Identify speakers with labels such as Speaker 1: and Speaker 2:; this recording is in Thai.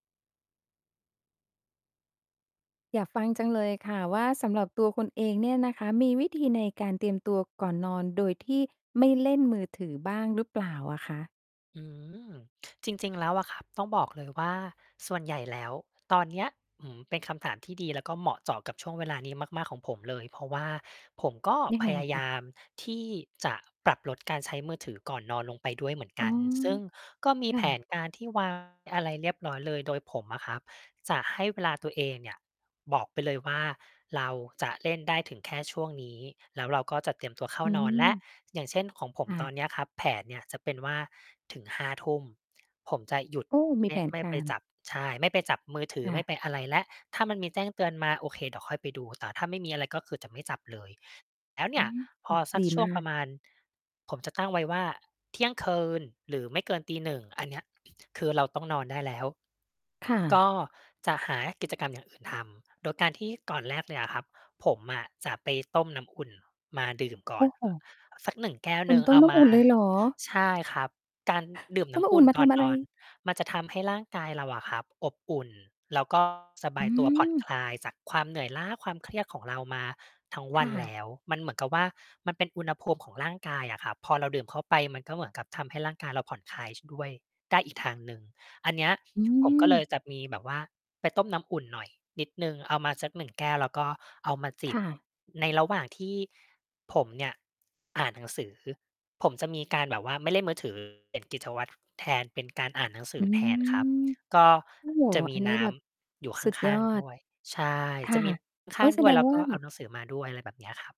Speaker 1: อยากฟังจังเลยค่ะว่า สำหรับตัวคุณเองเนี่ยนะคะ มีวิธีในการเตรียมตัวก่อนนอน โดยที่ไม่เล่นมือถือบ้างหรือเปล่าอะคะ?
Speaker 2: อืม จริง ๆ แล้วอะครับ ต้องบอกเลยว่าส่วนใหญ่แล้วตอนเนี้ย อือ เป็นคำถามที่ดี แล้วก็เหมาะเจาะกับช่วงเวลานี้มาก ๆ ของผมเลย เพราะว่าผมก็
Speaker 1: ยัง
Speaker 2: พ
Speaker 1: ไง
Speaker 2: ยา
Speaker 1: ค
Speaker 2: ย
Speaker 1: ะ?
Speaker 2: ามที่จะปรับลดการใช้มือถือก่อนนอนลงไปด้วยเหมือน
Speaker 1: อ
Speaker 2: ก
Speaker 1: ๋อ
Speaker 2: ัน ซึ่งก็มี
Speaker 1: ค่
Speaker 2: แผ
Speaker 1: ะ
Speaker 2: นการที่ วาง อะไรเรียบร้อยเลย โดยผมอะครับ จะให้เวลาตัวเองเนี่ย บอกไปเลยว่าเราจะเล่นได้ถึงแค่ช่วงนี้ แล้วเราก็จะเตรียมตัวเข้า
Speaker 1: อื
Speaker 2: นอนแล้ว
Speaker 1: ม
Speaker 2: อย่างเช่น ของผม
Speaker 1: ค่
Speaker 2: ตอน
Speaker 1: ะ
Speaker 2: เนี้ยครับ แผนเนี่ยจะเป็นว่าถึง 23:00 ผมจะหยุด
Speaker 1: โอ้ มี
Speaker 2: ไม
Speaker 1: แ
Speaker 2: ่
Speaker 1: ผน
Speaker 2: ไม่
Speaker 1: ก
Speaker 2: ไป
Speaker 1: าร
Speaker 2: จับ ใช่ ไม่ไปจับมือถือ
Speaker 1: ค่
Speaker 2: ไม
Speaker 1: ะ
Speaker 2: ่ไปอะไรแล้ว ถ้ามันมีแจ้งเตือนมา โอเค เดี๋ยวค่อยไปดู แต่ถ้าไม่มีอะไร ก็คือจะไม่จับเลย แล้วเ
Speaker 1: อ
Speaker 2: นี่
Speaker 1: ื
Speaker 2: ย
Speaker 1: ม
Speaker 2: พ
Speaker 1: อ
Speaker 2: อสั
Speaker 1: ด
Speaker 2: ก
Speaker 1: ี
Speaker 2: ช่
Speaker 1: ม
Speaker 2: ว
Speaker 1: า
Speaker 2: งปร
Speaker 1: ก
Speaker 2: ะมาณ ผมจะตั้งไว้ว่าเที่ยงคืน หรือไม่เกิน 1:00 อันเนี้ย คือเราต้องนอนได้แล้ว
Speaker 1: ค่
Speaker 2: ก
Speaker 1: ะ
Speaker 2: ็จะหากิจกรรมอย่างอื่นทำ โดยการที่ก่อนแรกเลยอะครับ ผมอะจะไปต้มน้ำอุ่นมาดื่มก
Speaker 1: โ
Speaker 2: ่
Speaker 1: อ
Speaker 2: อ
Speaker 1: ้
Speaker 2: น
Speaker 1: โ
Speaker 2: อ
Speaker 1: ฮ
Speaker 2: สัก 1 แก้ว
Speaker 1: คุ
Speaker 2: หน
Speaker 1: ณ
Speaker 2: ึ่ง
Speaker 1: ต
Speaker 2: เ
Speaker 1: ้
Speaker 2: อ
Speaker 1: ม
Speaker 2: า
Speaker 1: น้
Speaker 2: ม
Speaker 1: ำอ
Speaker 2: า
Speaker 1: ุ่นเลยเหรอ?
Speaker 2: ใช่ครับ การดื่ม
Speaker 1: ต
Speaker 2: น
Speaker 1: ้
Speaker 2: ้
Speaker 1: มน้
Speaker 2: ำ
Speaker 1: ำ
Speaker 2: อ
Speaker 1: อ
Speaker 2: ุ
Speaker 1: ุ่
Speaker 2: ่
Speaker 1: น
Speaker 2: น
Speaker 1: มา
Speaker 2: ก
Speaker 1: ท
Speaker 2: ่อน
Speaker 1: ำอะ
Speaker 2: น
Speaker 1: ไร?
Speaker 2: อน มันจะทำให้ร่างกายเราอะครับ อบอุ่น แล้ว ก็ สบ
Speaker 1: อื
Speaker 2: ายตัว ผ่อน
Speaker 1: ม
Speaker 2: คลายจากความเหนื่อยล้า ความเครียดของเรามาทั้งว
Speaker 1: ค
Speaker 2: ั
Speaker 1: ่
Speaker 2: นแล
Speaker 1: ะ
Speaker 2: ้ว มันเหมือนกับว่ามันเป็นอุณหภูมิของร่างกายอะครับ พอเราดื่มเข้าไป มันก็เหมือนกับทำให้ร่างกายเราผ่อนคลาย ช ด้วยได้อีกทางหนึ่ง อันเนี้ย
Speaker 1: อื
Speaker 2: ผมก็เลย
Speaker 1: ม
Speaker 2: จะมีแบบว่าไปต้มน้ำอุ่นหน่อยนิดหนึ่ง เอามาสัก 1 แก้ว แล้วก็เอามาจ
Speaker 1: ค
Speaker 2: ิบ
Speaker 1: ่ะ
Speaker 2: ในระหว่างที่ผมเนี่ยอ่านหนังสือ ผมจะมีการแบบว่าไม่เล่นมือ ถือ เปลี่ยนกิจวัตรแทน เป็นการอ่านหนังส
Speaker 1: อ
Speaker 2: ื
Speaker 1: ื
Speaker 2: อแทนครับ
Speaker 1: ม
Speaker 2: ก็
Speaker 1: โอ้โฮ
Speaker 2: จะม
Speaker 1: อั
Speaker 2: ี
Speaker 1: นนี
Speaker 2: น
Speaker 1: ้
Speaker 2: ้
Speaker 1: แบบ
Speaker 2: ำอยู่ข
Speaker 1: สุดย
Speaker 2: ้า
Speaker 1: อ
Speaker 2: ง ๆ ด
Speaker 1: ด
Speaker 2: ้วย ใช่
Speaker 1: ค
Speaker 2: จ
Speaker 1: ่
Speaker 2: ะ
Speaker 1: ะ
Speaker 2: มีข
Speaker 1: โอ๊
Speaker 2: ้า
Speaker 1: ย
Speaker 2: ง ๆ
Speaker 1: แส
Speaker 2: ด้ว
Speaker 1: ด
Speaker 2: ย แ
Speaker 1: ง
Speaker 2: ล้ว
Speaker 1: ว
Speaker 2: ก
Speaker 1: ่า
Speaker 2: ็เอาหนังสือมาด้วย อะไรแบบเนี้ยครับ